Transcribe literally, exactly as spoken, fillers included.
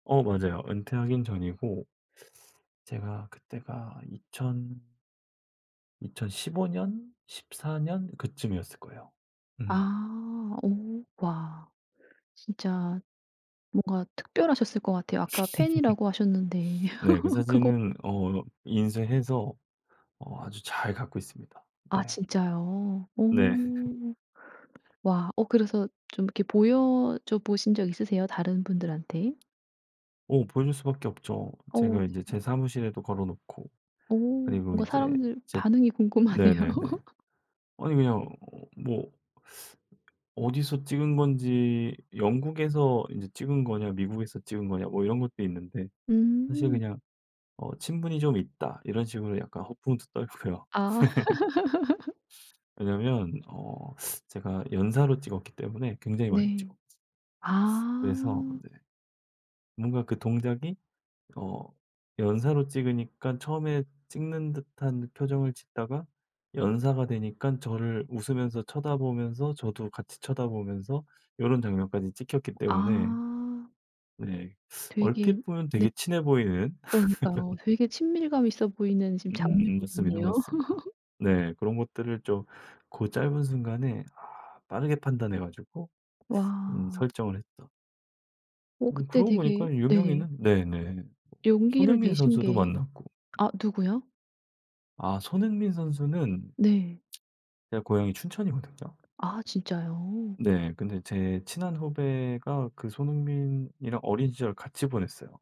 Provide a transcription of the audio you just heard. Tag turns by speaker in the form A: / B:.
A: 어 맞아요. 은퇴하긴 전이고 제가 그때가 이천 이천십오 년, 십사 년 그쯤이었을 거예요. 음.
B: 아. 오 와. 진짜 뭔가 특별하셨을 것 같아요. 아까 팬이라고 하셨는데
A: 네. 그
B: 그거
A: 사진은 어 인쇄해서 어 아주 잘 갖고 있습니다.
B: 아
A: 네.
B: 진짜요?
A: 네.
B: 오. 와. 어 그래서 좀 이렇게 보여줘 보신 적 있으세요? 다른 분들한테?
A: 어. 보여줄 수밖에 없죠.
B: 어.
A: 제가 인제
B: 네.
A: 제 사무실에도 걸어 놓고
B: 어.
A: 그리고
B: 뭔가
A: 이제
B: 사람들
A: 제
B: 반응이 궁금하네요.
A: 네네네. 아니 그냥 뭐 어디서 찍은 건지 "영국에서 인제 찍은 거냐. 미국에서 찍은 거냐." 뭐 이런 것도 있는데. 사실
B: 음.
A: 그냥 "어 친분이 좀 있다." 이런 식으로 약간 허풍도 떨고요.
B: 아.
A: 왜냐면 어 제가 연사로 찍었기 때문에 굉장히 많이
B: 네.
A: 찍었 그래서
B: 아.
A: 네 뭔가 그 동작이 어 연사로 찍으니까 처음에 찍는 듯한 표정을 짓다가 연사가 되니깐 저를 웃으면서 쳐다 보면서 저도 같이 쳐다 보면서 요런 장면까지 찍혔기 때문에
B: 아.
A: 네.
B: 되게
A: 얼핏 보면
B: 네.
A: 되게 친해 보이는
B: 그러니까요. 되게 친밀감 있어 보이는 지금
A: 음음. 맞습니다,
B: 장면들이네요.
A: 맞습니다. 네. 그런 것들을 좀 고 짧은 순간에 아 빠르게 판단해 가지고 음
B: 와.
A: 설정을 했다.
B: 어.
A: 음.
B: 그때
A: 그러고
B: 되게
A: 보니까
B: 네.
A: 유명인은 네네. 뭐
B: 용기를
A: 손흥민
B: 내신
A: 선수도
B: 게
A: 만났고
B: 아 누구요?
A: 아. 손흥민 선수는
B: 네.
A: 제가 고향이 춘천이거든요.
B: 아 진짜요?
A: 네. 근데 제 친한 후배가 그 손흥민이랑 어린 시절을 같이 보냈어요.